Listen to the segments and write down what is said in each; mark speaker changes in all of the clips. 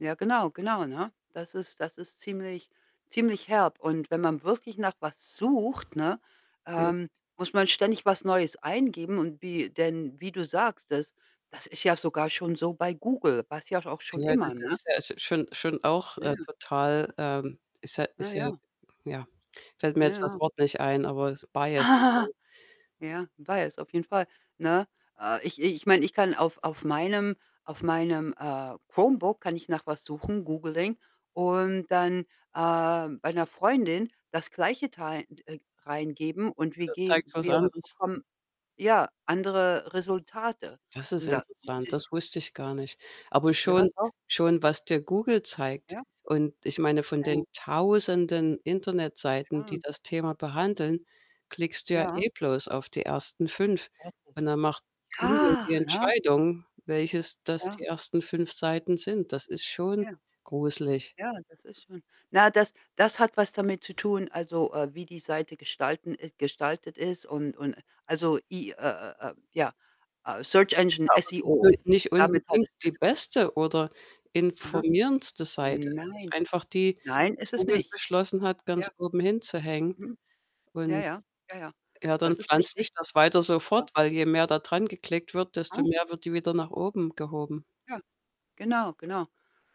Speaker 1: Ja genau, genau, ne? Das ist das ist ziemlich ziemlich herb und wenn man wirklich nach was sucht, ne,
Speaker 2: Ja.
Speaker 1: ähm, muss man ständig was Neues eingeben. Und wie, denn wie du sagst, das das ist ja sogar schon so bei Google, war's ja auch schon
Speaker 2: Ja,
Speaker 1: immer,
Speaker 2: das
Speaker 1: ne?
Speaker 2: ist, ja, schon schon auch,
Speaker 1: Ja,
Speaker 2: äh,
Speaker 1: ja.
Speaker 2: total ähm, ist ja
Speaker 1: Ja,
Speaker 2: ist ja,
Speaker 1: ja.
Speaker 2: ja, fällt mir
Speaker 1: Ja,
Speaker 2: jetzt das
Speaker 1: ja.
Speaker 2: Wort nicht ein, aber Bias. [unintelligible]
Speaker 1: Ja, ich weiß, auf jeden Fall, ne? Äh, ich ich meine, ich kann auf auf meinem auf meinem, äh, Chromebook kann ich nach was suchen, googeling und dann, äh, bei 'ner Freundin das Gleiche tei 'n äh, reingeben und
Speaker 2: Ja
Speaker 1: wir
Speaker 2: da
Speaker 1: ge
Speaker 2: zeigt's was
Speaker 1: wir
Speaker 2: anderes.
Speaker 1: bekommen, ja, andere Resultate.
Speaker 2: Das ist
Speaker 1: Und da muss
Speaker 2: interessant, das
Speaker 1: ich mich
Speaker 2: wusste ich gar nicht. Aber
Speaker 1: Ja,
Speaker 2: schon
Speaker 1: doch.
Speaker 2: schon was dir Google zeigt
Speaker 1: Ja.
Speaker 2: und ich meine, von den
Speaker 1: Ja.
Speaker 2: 1.000en Internetseiten,
Speaker 1: Ja.
Speaker 2: die das Thema behandeln, klickst du ja
Speaker 1: Ja.
Speaker 2: eh bloß auf die 1. 5 und
Speaker 1: 1.
Speaker 2: dann macht Google
Speaker 1: Ja,
Speaker 2: die
Speaker 1: ne?
Speaker 2: Entscheidung, welches das die
Speaker 1: Ja.
Speaker 2: 1. 5 Seiten sind. Das ist
Speaker 1: Ja.
Speaker 2: schon gruselig.
Speaker 1: Ja, das ist schon Na, das das hat was damit zu tun, also, äh, wie die Seite gestalten ist gestaltet ist und und also, I äh äh ja, äh Search Engine,
Speaker 2: Ja, aber sie
Speaker 1: SEO,
Speaker 2: sind nicht
Speaker 1: damit hat
Speaker 2: unbedingt
Speaker 1: es zu
Speaker 2: die
Speaker 1: tun.
Speaker 2: beste oder
Speaker 1: Aha.
Speaker 2: informierendste Seite. Es ist
Speaker 1: Nein.
Speaker 2: einfach die, die
Speaker 1: Nein, ist es
Speaker 2: Google
Speaker 1: nicht.
Speaker 2: beschlossen hat,
Speaker 1: Ja.
Speaker 2: ganz oben hinzuhängen.
Speaker 1: Mhm. Ja,
Speaker 2: Und
Speaker 1: ja. Ja, ja,
Speaker 2: ja, dann
Speaker 1: das ist
Speaker 2: pflanzt sich
Speaker 1: richtig.
Speaker 2: das weiter so
Speaker 1: Ja.
Speaker 2: fort, weil je mehr da dran geklickt wird, desto mehr wird die wieder nach oben gehoben.
Speaker 1: Ja. Genau, genau.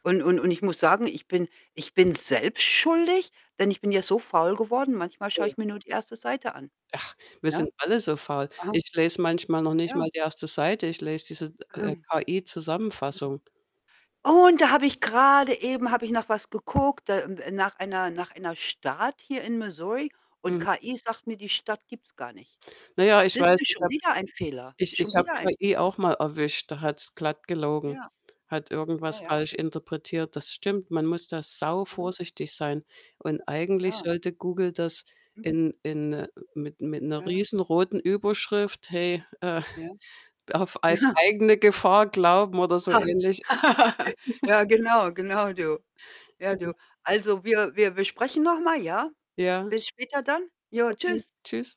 Speaker 1: Und und und ich muss sagen, ich bin ich bin selbst schuldig, denn ich bin ja so faul geworden. Manchmal schaue
Speaker 2: Ja.
Speaker 1: ich mir nur die 1. Seite an.
Speaker 2: Ach, wir
Speaker 1: Ja.
Speaker 2: sind alle so faul.
Speaker 1: Aha.
Speaker 2: Ich lese manchmal noch nicht
Speaker 1: Ja.
Speaker 2: mal die 1. Seite, ich lese diese, äh, KI-Zusammenfassung.
Speaker 1: Und da habe ich grade eben habe ich nach was geguckt, da m äh, nach einer nach einer Stadt hier in Missouri und
Speaker 2: Mhm.
Speaker 1: KI sagt mir, die Stadt gibt's gar nicht.
Speaker 2: Na ja, ich
Speaker 1: Siehst
Speaker 2: weiß,
Speaker 1: du,
Speaker 2: ich
Speaker 1: schon
Speaker 2: habe
Speaker 1: wieder ein Fehler.
Speaker 2: ich
Speaker 1: Schon
Speaker 2: ich habe
Speaker 1: wieder ein
Speaker 2: KI
Speaker 1: Fehler.
Speaker 2: auch mal erwischt, da hat's glatt gelogen,
Speaker 1: Ja.
Speaker 2: hat
Speaker 1: Ja,
Speaker 2: irgendwas
Speaker 1: ja.
Speaker 2: falsch interpretiert. Das stimmt, man muss da
Speaker 1: Mhm.
Speaker 2: sauvorsichtig sein und eigentlich
Speaker 1: Ja.
Speaker 2: sollte Google das
Speaker 1: Mhm.
Speaker 2: in in mit mit 'ner
Speaker 1: Ah, ja.
Speaker 2: riesen roten Überschrift: „Hey, äh,
Speaker 1: Ja.
Speaker 2: auf ei
Speaker 1: Ja.
Speaker 2: eigene Gefahr glauben“, oder so ähnlich.
Speaker 1: Ja, genau. Genau, du. Ja,
Speaker 2: Ja.
Speaker 1: du. Also, wir wir wir sprechen noch mal, ja?
Speaker 2: Ja.
Speaker 1: Bis später dann. Jo,
Speaker 2: Okay,
Speaker 1: tschüss.
Speaker 2: tschüss.